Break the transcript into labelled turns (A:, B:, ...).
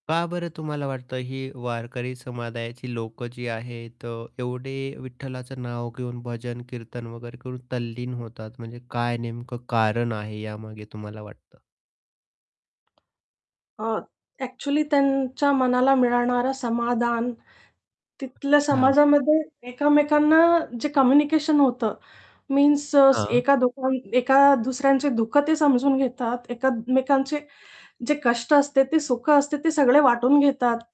A: हां, का बरं तुम्हाला वाटतं ही वारकरी समुदायाची लोक जी आहेत अ, एवढे विठ्ठलाचं नाव घेऊन भजन-कीर्तन वगैरे घेऊन तल्लीन होतात, म्हणजे काय नेमकं कारण आहे यामागे, तुम्हाला वाटतं?
B: अ, ॲक्चुअली त्यांच्या मनाला मिळणारं समाधान तिथल्या
A: हां.
B: समाजामध्ये एकमेकांना जे कम्युनिकेशन होतं मीन्स अ,
A: हां.
B: एका दोघां एका दुसऱ्यांचे दुःखं ते समजून घेतात, एकमेकांचे जे कष्ट असते, ते सुख असते, ते सगळे वाटून घेतात.